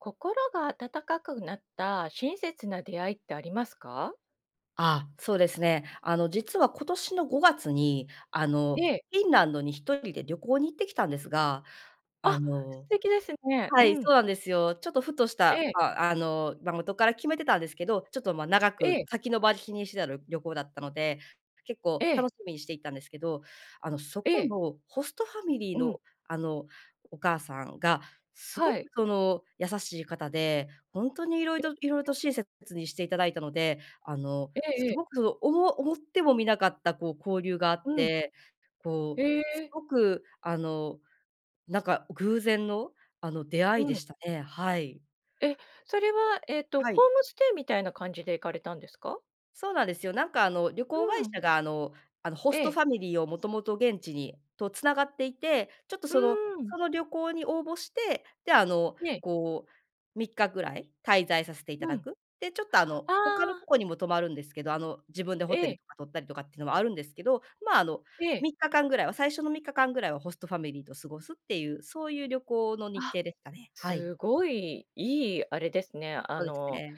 心が温かくなった親切な出会いってありますか？ああ、そうですね。あの実は今年の5月にあの、ええ。フィンランドに1人で旅行に行ってきたんですが、あ、あ素の敵ですね。はうい。ん。そうなんですよ。ちょっとふとしえたえ。ああの、ま、元から決めてたんですけど、ちょっと、ま、長えくえ。先延ばしにしてたりょ旅行だったので、結構ええ。楽しみにしていたんですけど、あの、そえこえ。のホストファミリーうのん。あの、お母さんがすごはくい。その優しい方で、ほんとに色々色々と [unintelligible] 親切にしていただいたので、あの、ええすええ。ごく、おも思ってもみなかった、こう、交流があうっん。て、こう、へすえ。ごくあの、なんか偶然のあの、出会ういでん。したね、はい。え、それは、えっと、ホはい。ームステイみたいな感じで行かれたんですか？そうなんですよ。なんかあの旅行う会ん。社があのあの、ホスえトえ。ファミリーをもともと現地にと繋がっていて、ちょっとうそのーん。その旅行に応募して、であの、ええ。こう、3日ぐらい滞在させていたうだん。く。で、ちょっとああの、他のあ。とこにも泊まるんですけど、あの、自分でホテえルえ。とか取ったりとかっていうのもあるんですけど、まあ、あの、ええ。3日間ぐらいは、最初の3日間ぐらいはホストファミリーと過ごすっていう、そういう旅行の日あ、程ですかね、はい。すごい、いいあれですね、あそうですのね。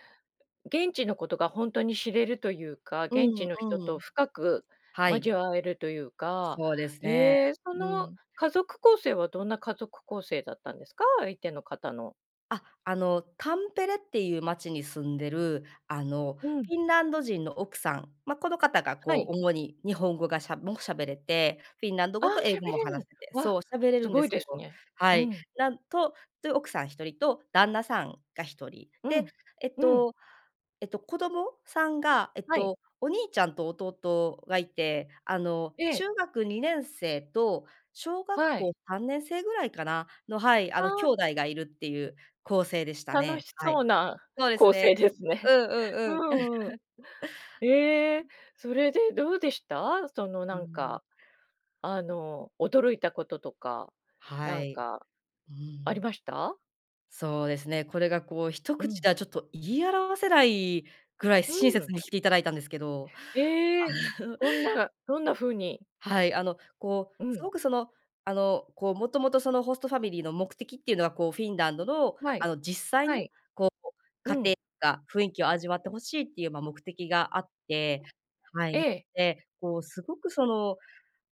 現地のことがほんとに知れるというか、う現地んの人うとん。深くはい。交わえるというか、そうですね。へえ、そうのん。家族構成はどんな家族構成だったんですか？相手の方の。あ、あのタンペレっていう町に住んでる、あの、うん。フィンランド人の奥さん、ま、この方がはこい。う主に日本語がしゃも喋れて、フィンランドああ、語と英喋語もれ話る、せてわ、そう、喋れするんでごいすでけすどね。うはい、ん。なんとという奥さん1人と旦那さんが1人、うで、ん。えっうん。と、えっと子供さんがえっはい。とお兄ちゃんと弟がいて、あのえ中え。学2年生と小学は校い。3年生ぐらいかな、の、はい、ああの兄あ。弟がいるっていう構成でした楽ね。しはそい。うなそうです構ね。成ですね。うんうんううん。んうん。ええ、それでどうでした？そのうなんん。か、あの驚いたこととか、はなんい、か。うありん。ました？そうですね、これがこう一う口ん。ではちょっと言い表せないぐらいう親切ん。にしていただいたんですけど。ええ、どんなどんな風に？はい、あの、こううすん。ごく、その、あの、こう、もともと、そのホストファミリーの目的っていうのは、こう、フィンランドのはあい。の実際はのい。こう家うん。庭か、雰囲気を味わって欲しいっていう、ま、目的があって、はえい、え。で、こうすごくその、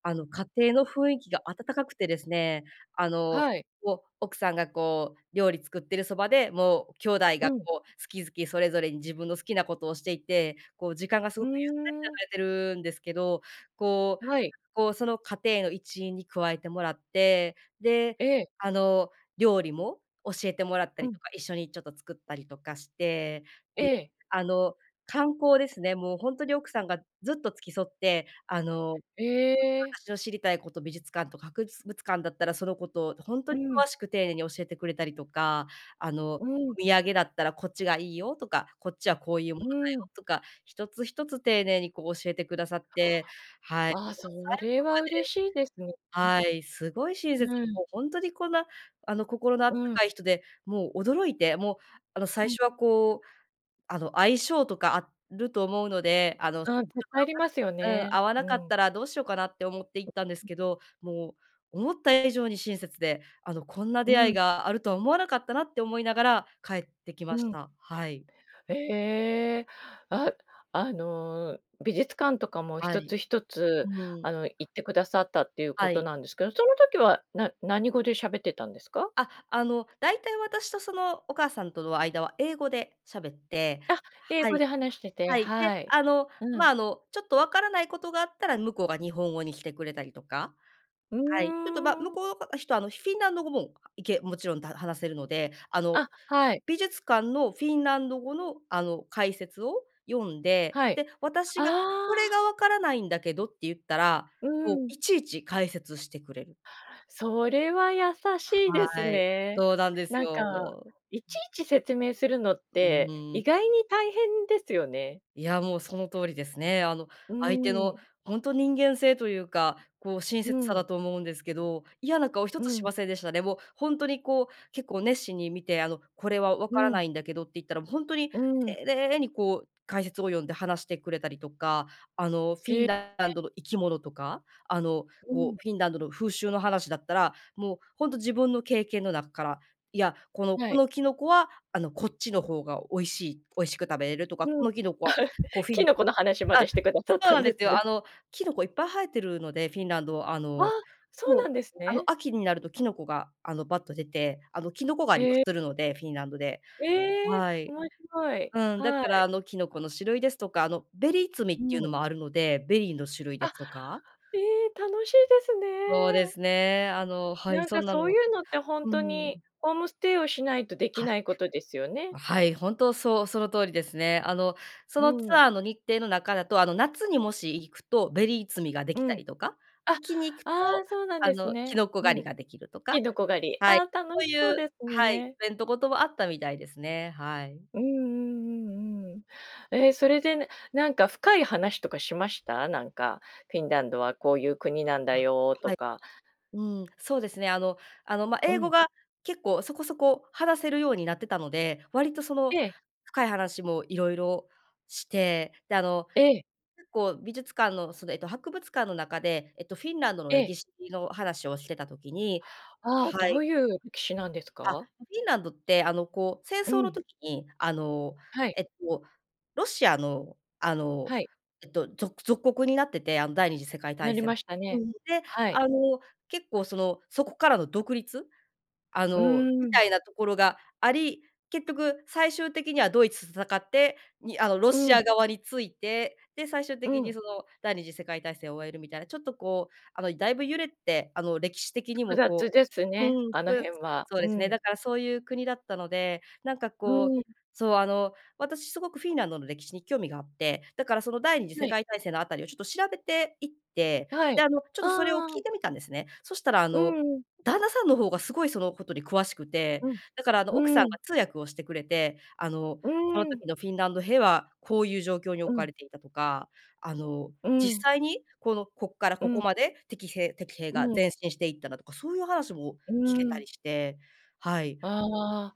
あの家庭の雰囲気が暖かくてですね、あの、はい。こう、奥さんが、こう、料理作ってるそばで、もう兄弟うがん。こう好き好きそれぞれに自分の好きなことをしていて、こう、時間がすふごくゆっーん。たり流れてるんですけど、こう、はい。こうその家庭の一員に加えてもらって、で、ええ。あの料理も教えてもらったうりん。とか、一緒にちょっと作ったりとかして、えで、え。あの観光ですね、もうほんとに奥さんがずっと付き添って、あの、ええ。私の知りたいこと、美術館とか博物館だったらそのことをほんとうにん。詳しく丁寧に教えてくれたりとか、あのおうん。土産だったらこっちがいいよとか、こっちはこういうものうだん。よとか、一つ一つ丁寧にこう教えてくださって、はい、もうあ、そ最後れは嬉しいですんね。まではい、すごい親切にうもん。うほんとにこんなあの、心の温うん。かい人でもう驚いて、もうあの最うん。初はこうあの相性とかあると思うので、あの、ああ、ぜ帰りますよ うん、ね、合わうなかっん。たらどうしようかなって思って行ったんですけど、もう思った以上に親切で、あのこんなう出会いん。があるとは思わなかったなって思いながら帰ってきまうしん。た。はい。ええ、ああの美術館とかもは一つい。一つうあん。の行ってくださったっていうこはとい。なんですけど、その時は、な何語で喋ってたんですか？あ、あのだいたい私とそのお母さんとの間は英語で喋ってあ、英は語い、で話しててはい、で、はい、あのうまん。あのちょっとわからないことがあったら向こうが日本語にしてくれたりとか、うーはい、ちょっとま向ん。こうのか、人はあのフィンランド語もいけもちろん、ただ、話せるので、あのあ、はい。美術館のフィンランド語のあの解説を読んで、はい、で、あ私がこれあ。がわからないんだけどって言ったら、うこうん。いちいち解説してくれる。それは優しいですはい、ね。そうなんですなんかよ。いちいち説明するのっうてん。意外に大変ですよね。いやもうその通りですね。あのう相手のん。ほんと人間性というか、こう親う切さん。だと思うんですけど、嫌な顔一うつしん。ませんでしたね。もうほんとにこう結構熱心に見てあのこれはわうからなん。いんだけどって言ったら、もうほんとにうん。丁寧にこう解説を読んで話してくれたりとか、あの、フィえンえ。ランドえ。の生き物とか、あのうこん。う、フィンランドの風習の話だったら、もうほんと自分の経験の中から、いや、この、はこい。のキノコはあのこっちの方が美味しい美味しく食べれるとか、うこん、のキノコはこう フィキンノコの話まあ、でしてくださっそうたなんんでですすね。よ。あの、キノコいっぱい生えてるので、フィンランドああ、のそうそう、なんですあのね。秋になるとキノコがあのバッと出て、あの、キノコ狩りをええ。するので、フィンランドで。ええ、はい。面白い、うん、だはからい。あのキノコの種類ですとか、あのベリー摘みうっていうのん。もあるので、ベリーの種類であ、すとかええ、楽しいですそうでね。すね、あのはい、なんそかんなそういのうのってほんうとにん。ホームステイをしないとできはい。ないことですよね。あ、はい、本当そうその通りですね。あのそうのツん。アーの日程の中だと、あの夏にもし行くとベリー摘みがでうきたん。りとか、秋に行くあ、ああとそうなんあですのキね。ノコう狩りん、ができるとかきのこ狩り。ああ楽はしい、そうそいううですはい、イね。ベントごとはあったみたいですね。はい。うんうんうんうん。え、それでなんか深い話とかしました？なんかフィンランドはこういう国なんだあ、よとはい。か。うん、そうですね。あの、あの、ま、う英語ん。が結構そこそこ話せるようになってたので、割とそのええ。深い話もいろいろして、であのええ。結構美術館のそのえっと博物館の中で、えっとフィンランドのええ。歴史の話をしてた時にああ、どはい。ういう歴史なんですあ、か？フィンランドってあのこう、戦う争のん。時に、あのはい。えっと、ロシアの、あのはい。えっと、ぞ属国になってて、あの第二次世界な大りま戦。したね。で、はい。あの結構その、そこからの独立、あうのみん。たいなところがあり、結局最終的にはドイツと戦って、にあのロうシん。ア側について、で最終う的にん。その第二次世界大戦を終えるみたいな、ちょっとこうあのだいぶ揺れてあの歴史的に複も雑こうですうね、ん、あの複雑辺は、そううですね、ん。だからそういう国だったので、なんかうこうん。そうあの私すごくフィンランドの歴史に興味があって、だからその第二次は世い。界大戦のあたりをちょっと調べていって、はい。であの、ちょっとそれをあ聞いあ。てみたんですね。そしたらあうの、ん。旦那さんの方がすごいそのことに詳しくて、うん。だからあの奥さんうがん。通訳をしてくれて、あの、うこのん。時のフィンランド兵は、こういう状況にう置かん。れていたとか、あの、う実ん。際にこのこっからうここん。まで敵せ敵兵うがん。前進していっただとか、そういう話もう聞けたりん。して、はい。ああ、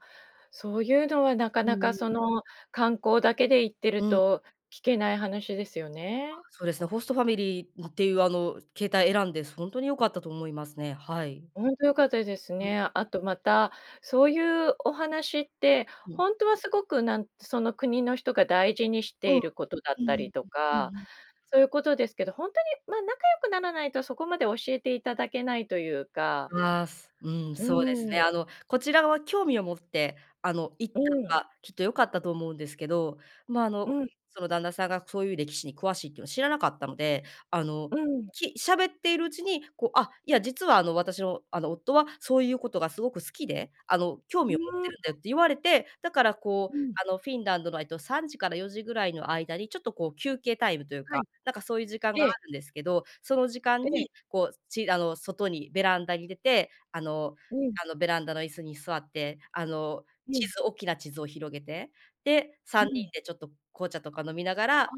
そうゆうのはなかうなかそん。の観光だけで行ってるうん。と聞けない話ですよあ、ね。そうですね、ホストファミリー、な、っていうあの形態選んでほんとに良かったと思いますね、はい。ほんと良かったですうん。ね。あとまた、そういうお話って、うほん。んとはすごくなんその国の人が大事にしうてん。うんいることだったうりん。とうんか、うん。そういうことですけど、ほんとに、ま、仲良くならないとそこまで教えていただけないというかああ、すうん、うそうですね。ん。あの、こちらは興味を持ってあの行っうたん。のがきっと良かったと思うんですけど、まあ、あうのん。その旦那さんがそういう歴史に詳しいっていうのは知らなかったので、あの、うん。き喋っているうちに、こう、あ、いや、実はあの私のあの夫はそういうことがすごく好きで、あの興う味を持ってーるんだん。よって言われて、だからこううん。あのフィンランドのえっと3時から4時ぐらいの間にちょっとこう休憩タイムというはか、い。なんかそういう時間があええ。るんですけど、その時え間え。にこう、ちあの外にベランダに出て、あの、うん。あのベランダの椅子に座って、あのう地ん。図、大きな地図を広げて、で、う3人ん。でちょっと紅茶とか飲みながら、ああ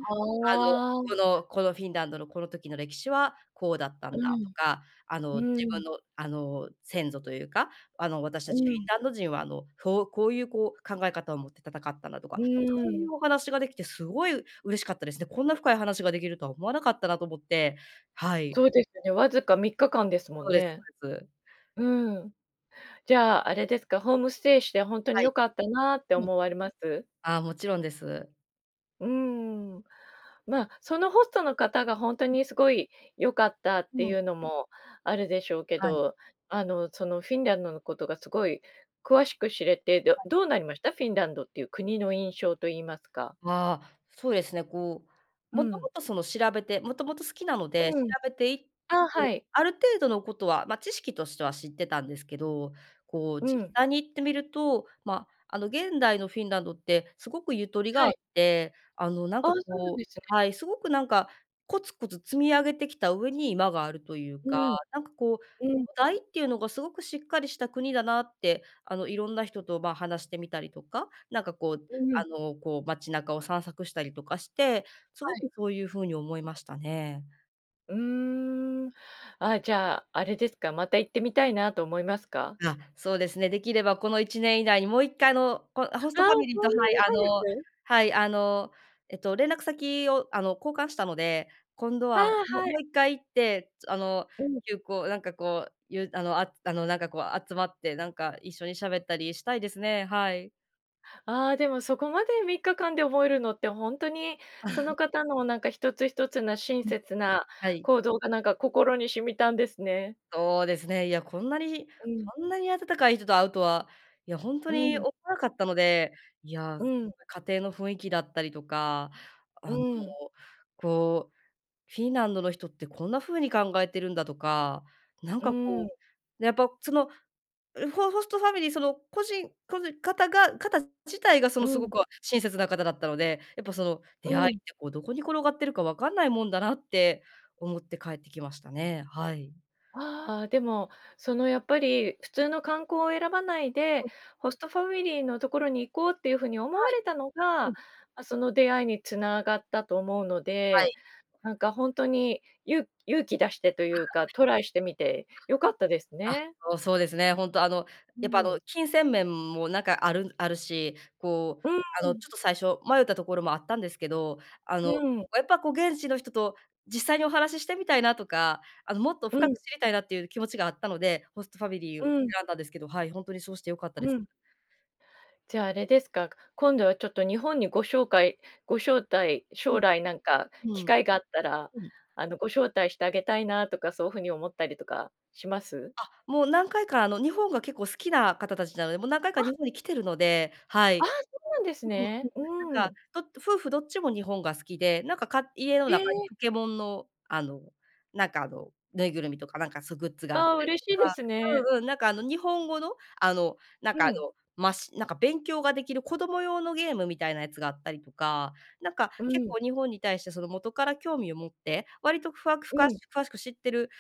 のあ。この、このフィンランドのこの時の歴史はこうだったうんだとん。か、あの自う分ん。のあの先祖というか、あの私うたちフィん。ンランド人はあのそう、こういうこう考え方を持って戦ったんだとか、うそういん。うお話ができてすごい嬉しかったですね。こんな深い話ができるとは思わなかったなと思って、はい。そうですね、わずか3日間ですもそんうですね。そうです。うん。じゃあ、あれですか、ホームステイしてほんとはにい。良かったなってうん。思われます？ああ、もちろんです。うーん、まあ、そのホストの方ほんとうん。にすごい良かったってうん。いうのもあるでしょうけはい。ど、あの、その、フィンランドのことがすごい詳しく知れて、どはい。どうなりました？フィンランドっていう国の印象といいますか？うわあ、そうですね、こう、うもとん。もとその調べてもともと好きなので調うん。べて行っああ、はて、い。ある程度のことは、ま、知識としては知ってたんですけど、こうう実ん。際に行ってみると、ま、あの、現代のフィンランドってすごくゆとりがはあっい。て、あの、なんああ、かそうなんこですうね。はい、すごくなんかコツコツ積み上げてきた上に今があるといううか、ん。なんかこうう土ん。台っていうのがすごくしっかりした国だなって、あの、いろんな人と、ま、話してみたりとか、なんかこう、うん。あの、こう、街中を散策したりとかしてすはごい。くそういう風に思いましたね。うーん。あ、じゃあ、あれですか、また行ってみたいなと思いますか？うあ、そうですね、できればこの1年以内にもう1回あの、こホスあトあ、ファミリーとそんなはい、にあの早く？はい、あの、えっと連絡先をあの、交換したので、今度あは、あ、もはい。もう1回行って、つあの、うん。旧交なんかこう、ゆうあの、ああの、なんか、こう集まってなんか一緒にしゃべったりしたいですね、はい。あ、でも、そこまで3日間で覚えるのってほんとにその 方の、なんか、一つ一つな親うん。切なはい。行動が、なんか、心に染みたんですね。そうですね、いや、こんなに、うん。こんなに温かい人と会うとは。いや、ほんとうに、ん。かったので。いや、うん。家庭の雰囲気だったりとか、うあの、ーん。こう、フィンランドの人ってこんな風に考えてるんだとか、なんうか、ーこん。う、やっぱ、その、ん、ホホストファミリー、その、個人個人方が方自体が、そのうすごん。く親切な方だったので、やっぱその、う出会いっん。て、こう、どこに転がってるかわかんないもんだなって思って帰ってきましたね、はい。ああ、でも、その、やっぱり、普通の観光を選ばないでうん。ホストファミリーのところに行こうっていうふうに思はわい。れたのうが、ん。ま、その出会いにつながったと思うのはで、い。なんか、ほんとに、ゆ勇気出してというか、トライしてみて良かったですあ、はい。ね。あ、もう、そうですね。ほんと、あの、うやっぱ、あーの、ん。金銭面もなんかあるんあるし、こう、うーあの、ん。ちょっと最初迷ったところもあったんですけど、あうの、ーん。やっぱ、こう、現地の人と実際にお話ししてみたいなとか、あの、もっとう深ん。く知りたいなっていう気持ちがあったので、ホストファミリーうをん。選んだんですけど。はい、本当にそうして良かったでうす。ん。じゃあ、あれですか。今度はちょっと日本にご紹介ご招待、う将ん。来なんかう機ん。会があったら、うん。あの、ご招待してあげたいなとか、そうふうに思ったりとかします？あ、もう何回か、あの、日本が結構好きな方たちなので、もう何回かあ。日本に来てるので、はあ、い。そうなんですそうなんでね。す。うななーんか、ん。ど夫婦どっちも日本が好きで、なんか、か家の中え。にポケモンの、あの、なんか、あの、ぬいぐるみとか、なんか、そう、グッズがあったああ、り嬉としいでかすね。うんうん、なんか、あの、日本語の？あの、なんうか、あん。の、ましなんか、勉強ができる子供用のゲームみたいなやつがあったりとか。なんか、う結ん。構日本に対してその、元から興味を持って、割とふわふうかん。詳しく知ってる、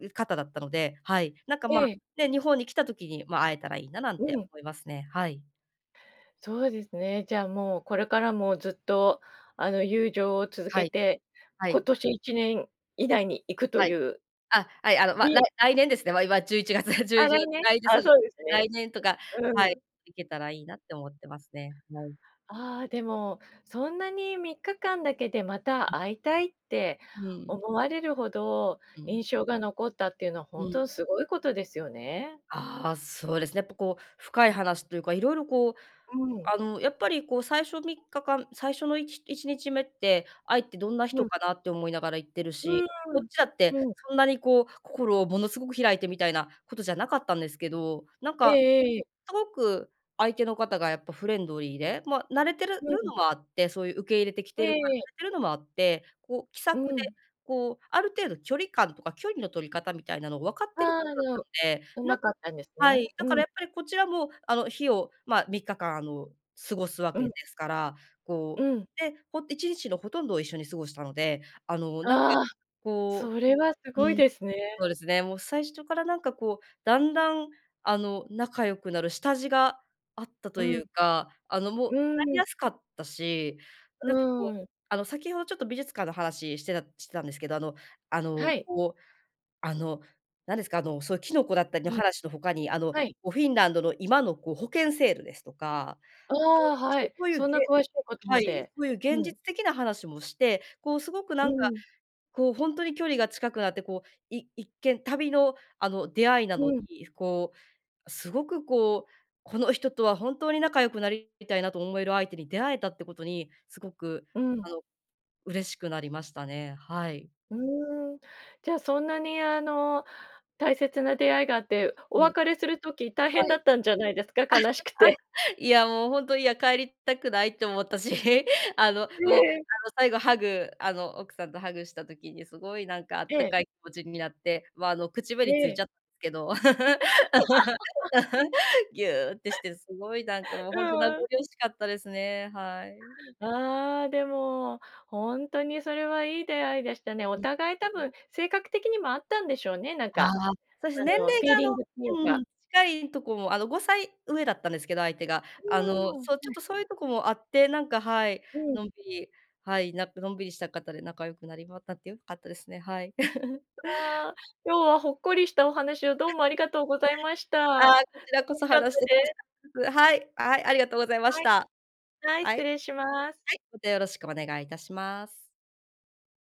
う、方だったので、はい。なんか、ま、ええ。ね、日本に来た時に、ま、会えたらいいな、なんうてん。思いますね、はい。そうですね、じゃあもうこれからもずっと、あの、友情を続はけい。て、は今い。年1年以内に行くとはいい。うあ、はい、あの、ま、うらいん。来年ですね、ま、今、11月 中あ、旬、来年？来年そあ、うです、そうです来ね。年とかう、はい、うん。行けたらいいなって思ってますね、はい。ああ、でもそんなに、3日間だけでまた 会いたいってうん。思われるほどう印ん。象が残ったっていうのは、ほうんとん。にすごいことですよね。ああ、そうですね、やっぱこう、深い話というか、色々こううん。あの、やっぱりこう、最初3日間、最初のいち1日目って相手どんなう人ん。かなって思いながら行ってるうし、こっーん、ちだって、うん。そんなにこう、心をものすごく開いてみたいなことじゃなかったんですけど、なんええか、ええええ。すごく相手の方が、やっぱ、フレンドリーで、ま、慣れてるうん。のもあって、そういう受け入れてきえてるから、えええ。慣れてるのもあって、こう気さうくで、ん。こうある程度距離感とか距離の取り方みたいなのを分かっあてる方あ、だっでたんも、で、うなんまかったんですはい、ね、うだからん。やっぱりこちらもあの、日を、ま、3日間あの、過ごすわうけでん。すから、うこうん。で、ほ1日のほとんどを一緒に過ごしたので、あの、なんかああ！こそれはすううごいーん、ですね。そうですね、もう最初からなんかこう、だんだんあの、仲良くなる下地があったうといん。うか、あの、もううーなりん。やすかったし、うなんかこうーん。あの、先ほどちょっと美術館の話してた、してたんですけど、あの、あのはい。こう、あの、なんですか、あの、そういうキノコだったりのうん。話の他に、あの、こはい。うフィンランドの今のこう保険制度ですとか、あ あ、はい、そういう、そんなげ詳しいことはまい、で、そういうう現実ん。的な話もして、こうすごくなうんかん。こう、ほんとに距離が近くなって、こう、い一見、旅のあの、出会いなうのん。に、こう、すごくこう、「この人とは本当に仲良くなり、みたいな」と思える相手に出会えたってことに、すごく、うん。あの、嬉しくなりましたね。はい。うーん、じゃあそんなにあの、大切な出会いがあって、おうん。別れする時大は変だっい。たんじゃないですか？悲しくて。いやもう、ほんと、「いや、帰りたくない」って思ったし、あの、えもうあの、え。最後ハグあの、奥さんとハグした時にすごいなんかあっえたえ。かい気持ちになって、まあ、あの、口え紅ついちえ。ゃっ、けど、ぎゅってしてすごいなんか もう、ほんと名残うん。惜しかったですね。はい。ああ、でも、ほんとにそれはいい出会いでしたね。うおん。互い多分、性格的にも合ったんでしょうね、なんああ、かそうです、あ年の、フ齢ィーがあリンの、グっていううか。ん、近いとこもあの、5歳上だったんですけど相手が、あの、はそうちょっい。とそういうとこもあって、なんか、はい、うん。のんびり、はい、なんかのんびりした方で仲良くなり 良かったですね。はい。ああ、今日はほっこりしたお話をどうもありがとうございました。あ楽あ、こちらこそしかった話して楽しです。かっ、です。はい、はい、ありがとうございまはしい。た。はい、はい。失礼はします。い、またよろしくお願いいたします。